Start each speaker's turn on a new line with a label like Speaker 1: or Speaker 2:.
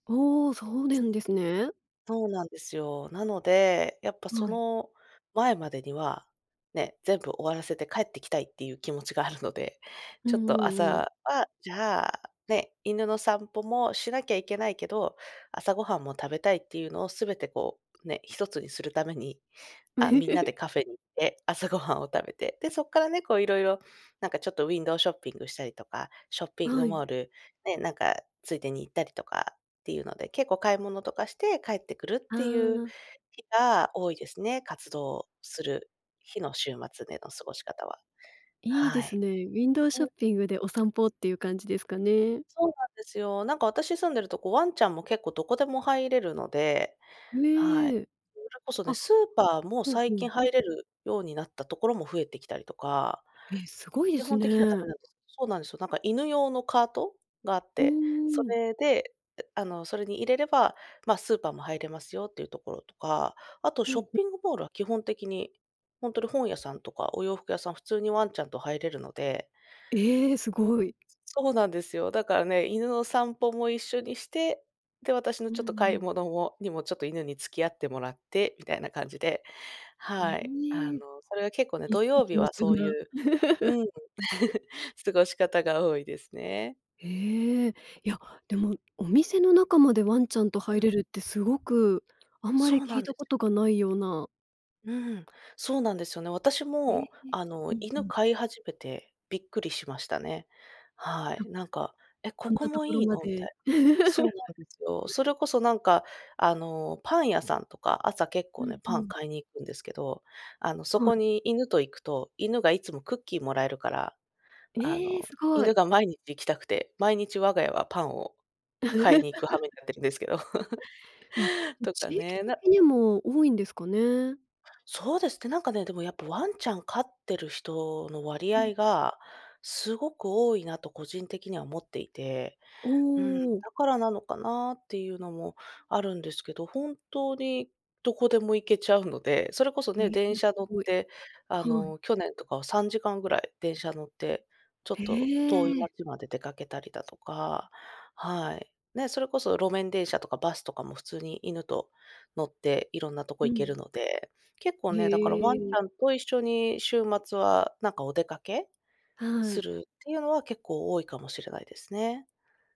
Speaker 1: おお、そうで
Speaker 2: す
Speaker 1: んですね。
Speaker 2: そうなんですよ。なので、やっぱそ
Speaker 1: はい。
Speaker 2: の前までには、ね、全部終わらせて帰ってきたいっていう気持ちがあるので、
Speaker 1: うん
Speaker 2: ちょっ
Speaker 1: う
Speaker 2: と
Speaker 1: んうん。
Speaker 2: 朝は、じゃあ、ね、犬の散歩もしなきゃいけないけど、朝ごはんも食べたいっていうのをすべてこう、ね、一つにするために、あ、みんなで カフェに行って、朝ごはんを食べて、で、そっからね、こういろいろ、なんかちょっとウィンドウショッピングしたりとか、ショッピ
Speaker 1: あ、
Speaker 2: ン
Speaker 1: は
Speaker 2: グ
Speaker 1: い。
Speaker 2: モール、ね、なんかついでに行ったりとかっていうので、結構買い物とかして帰ってくるっ
Speaker 1: あ
Speaker 2: ていう
Speaker 1: あ。
Speaker 2: 日が多いですね、活動する日の週末での過ごし方は。
Speaker 1: いいで
Speaker 2: は
Speaker 1: す
Speaker 2: い。
Speaker 1: ね。ウィンドウショ
Speaker 2: う
Speaker 1: ッ
Speaker 2: ん。
Speaker 1: ピングでお散歩っていう感じですかね。
Speaker 2: そうなんですよ。なんか私住んでるとこワンちゃんも結構どこでも入れるので、は
Speaker 1: ね
Speaker 2: い。
Speaker 1: え。
Speaker 2: うれこそね、
Speaker 1: あ、
Speaker 2: スーパーも
Speaker 1: ほう、ふ
Speaker 2: 最近
Speaker 1: ん。
Speaker 2: 入れるようになったところも増えてきたりとか。
Speaker 1: え、すごいで
Speaker 2: 基
Speaker 1: す
Speaker 2: 本的にはダ
Speaker 1: ね。
Speaker 2: メなんです。そうなんすよ、なんか犬用のカートがあっ
Speaker 1: うー
Speaker 2: て、そ
Speaker 1: ん、うん。
Speaker 2: れで、うう、あの、それに入れれば、まあ、スーパーも入れますよっていうところとか、あと、
Speaker 1: ほ
Speaker 2: ショ
Speaker 1: ん、
Speaker 2: ッ
Speaker 1: ふ。
Speaker 2: ピングモールは基本的に、ほんとに本屋さんとかお洋服屋さん、普通にワンちゃんと入れるので
Speaker 1: ええ、す
Speaker 2: いや、
Speaker 1: ごい。
Speaker 2: すそうなんですよ。だからね、犬の散歩も一緒にして、で、私の
Speaker 1: う
Speaker 2: ちょ
Speaker 1: ん
Speaker 2: っと
Speaker 1: う
Speaker 2: 買い
Speaker 1: ん。
Speaker 2: 物もにも、ちょっと犬に付き合ってもらってみたいな感じで、
Speaker 1: へ
Speaker 2: はい、あの、
Speaker 1: え。
Speaker 2: それは結構ね、
Speaker 1: 一
Speaker 2: 土曜
Speaker 1: 石
Speaker 2: 日
Speaker 1: 二
Speaker 2: は
Speaker 1: 鳥
Speaker 2: そうい
Speaker 1: な。
Speaker 2: ううん、過ごし方が多いですね。
Speaker 1: へえ、いや、でも、お店の中までワンちゃんと入
Speaker 2: うん。
Speaker 1: れるってすごくあんま
Speaker 2: そ
Speaker 1: り
Speaker 2: うな
Speaker 1: 聞い
Speaker 2: んで
Speaker 1: たこ
Speaker 2: す
Speaker 1: と
Speaker 2: よ。
Speaker 1: がないような
Speaker 2: うん、そうなんですよね。私
Speaker 1: へえ、
Speaker 2: も、
Speaker 1: え、
Speaker 2: あの、
Speaker 1: うんう
Speaker 2: 犬
Speaker 1: ん。
Speaker 2: 飼い始めてびっくりしましたね、は
Speaker 1: あ、
Speaker 2: い、なんか「え、
Speaker 1: こ
Speaker 2: こ
Speaker 1: ん
Speaker 2: こ
Speaker 1: なと
Speaker 2: も
Speaker 1: ころ
Speaker 2: いい
Speaker 1: ま
Speaker 2: の？」みた
Speaker 1: で。
Speaker 2: いな。そうなんですよ。そ れこそなんか、あの、パン屋さんとか、朝、結
Speaker 1: う
Speaker 2: 構ね、
Speaker 1: んう
Speaker 2: パン
Speaker 1: ん。
Speaker 2: 買いに行くんですけど、あの、そ
Speaker 1: は
Speaker 2: こ
Speaker 1: い。
Speaker 2: に犬と行くと犬がいつもクッキーもらえるから、あ
Speaker 1: ええ！
Speaker 2: の、
Speaker 1: すご
Speaker 2: 犬
Speaker 1: い。
Speaker 2: が毎日行きたくて、毎日我が家はパンを買いに行く羽目に なってるんですけど、
Speaker 1: わ、ん、
Speaker 2: とか
Speaker 1: 地域
Speaker 2: ね、な
Speaker 1: 的にも多いんですかね？
Speaker 2: そうですって。なんかね、でもやっぱワンちゃん飼ってる人の割
Speaker 1: うん。
Speaker 2: 合がすごく多いなと個人的には思っていて、
Speaker 1: お
Speaker 2: うん、だ
Speaker 1: お。
Speaker 2: からなのかなっていうのもあるんですけど、本当にどこでも行けちゃうので、それこそ
Speaker 1: ええ、
Speaker 2: ね、
Speaker 1: う
Speaker 2: 電
Speaker 1: ん、す
Speaker 2: 車乗っ
Speaker 1: ごい。
Speaker 2: て、あ
Speaker 1: はい。
Speaker 2: の、去年とかは3時間ぐらい電車乗ってちょ
Speaker 1: へ
Speaker 2: っと遠い
Speaker 1: え。
Speaker 2: 街まで出かけたりだとか。はい。ね、それこそ路面電車とかバスとかも普通に犬と乗っていろんなとこ
Speaker 1: う
Speaker 2: 行け
Speaker 1: ん。
Speaker 2: るので、結構
Speaker 1: へ
Speaker 2: ね、だからワンち
Speaker 1: え。
Speaker 2: ゃんと一緒に週末は、なんかお出かけ
Speaker 1: は
Speaker 2: す
Speaker 1: い。
Speaker 2: るっていうのは結構多いかもしれないですね。